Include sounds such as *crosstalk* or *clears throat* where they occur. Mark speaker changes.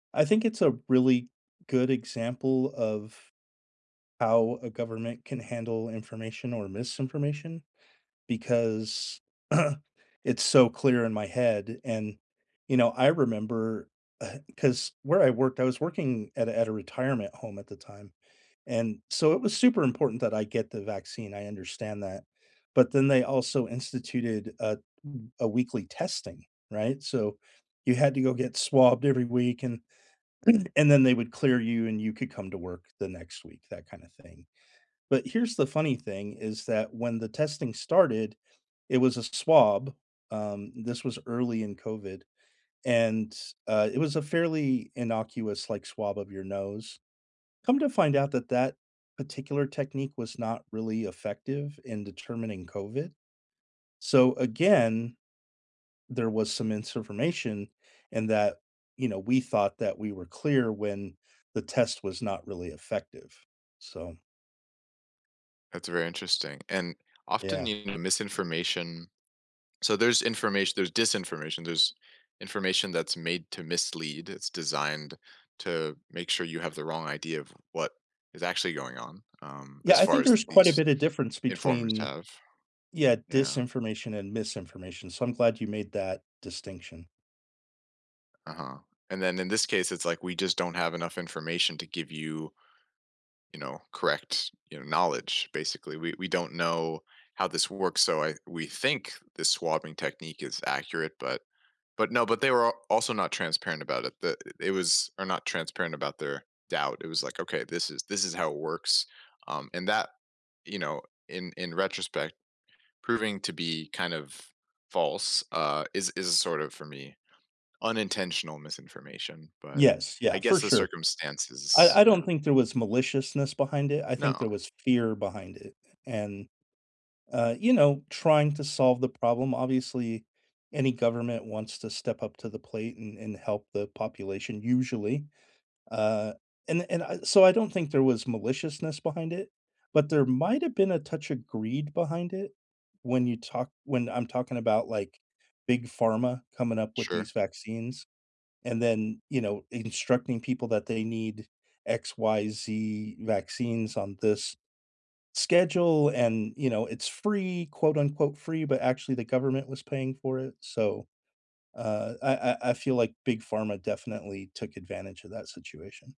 Speaker 1: I think it's a really good example of how a government can handle information or misinformation because *clears throat* it's so clear in my head, and, you know, I remember, uh 'cause where I worked, I was working at a at a retirement home at the time, and so, it was super important that I get the vaccine, I understand that, but then they also instituted a m a weekly testing, right? So, you had to go get swabbed every week and *clears throat* and then they would clear you, and you could come to work the next week, that kinda thing, but here's the funny thing, is that when the testing started, it was a swab, um, this was early in COVID, and, uh, it was a fairly innocuous, like, swab of your nose. Come to find out that that particular technique was not really effective in determining COVID. So, again, there was some misinformation, and that, you know, we thought that we were clear when the test was not really effective, so
Speaker 2: That's very interesting, and often,
Speaker 1: Yeah.
Speaker 2: you know, misinformation so there's information, there's disinformation, there's information that's made to mislead, it's designed to make sure you have the wrong idea of what is actually going on, um,
Speaker 1: Yeah,
Speaker 2: as
Speaker 1: I
Speaker 2: far
Speaker 1: think
Speaker 2: as
Speaker 1: there's quite a
Speaker 2: these
Speaker 1: bit of difference
Speaker 2: informers
Speaker 1: between,
Speaker 2: have.
Speaker 1: yeah,
Speaker 2: Yeah.
Speaker 1: disinformation and misinformation, so I'm glad you made that distinction.
Speaker 2: Uh-huh, and then in this case, it's, like, we just don't have enough information to give you you know, correct, you know, knowledge, basically we we don't know how this works, so I we think the swabbing technique is accurate, but but no, but they were a also not transparent about it that it was they were not transparent about their doubt, it was, like, "Okay, this is this is how it works," um, and that, you know, in in retrospect, proving to be kind of false, uh, is is sort of, for me, unintentional misinformation, but
Speaker 1: Yes, yeah,
Speaker 2: I
Speaker 1: for
Speaker 2: guess the
Speaker 1: sure.
Speaker 2: circumstances
Speaker 1: I I don't
Speaker 2: yeah.
Speaker 1: think there was maliciousness behind it, I
Speaker 2: No.
Speaker 1: think there was fear behind it, and, uh, you know, trying to solve the problem, obviously, any government wants to step up to the plate and and help the population, usually. Uh, and and I so I don't think there was maliciousness behind it, but there might've been a touch of greed behind it, when you talk when I'm talking about, like, Big Pharma coming up with
Speaker 2: Sure.
Speaker 1: these vaccines, and then, you know, instructing people that they need X, Y, Z vaccines on this schedule, and, you know, it's free, quote unquote "Free," but actually the government was paying for it, so, uh, I I I feel, like, Big Pharma definitely took advantage of that situation.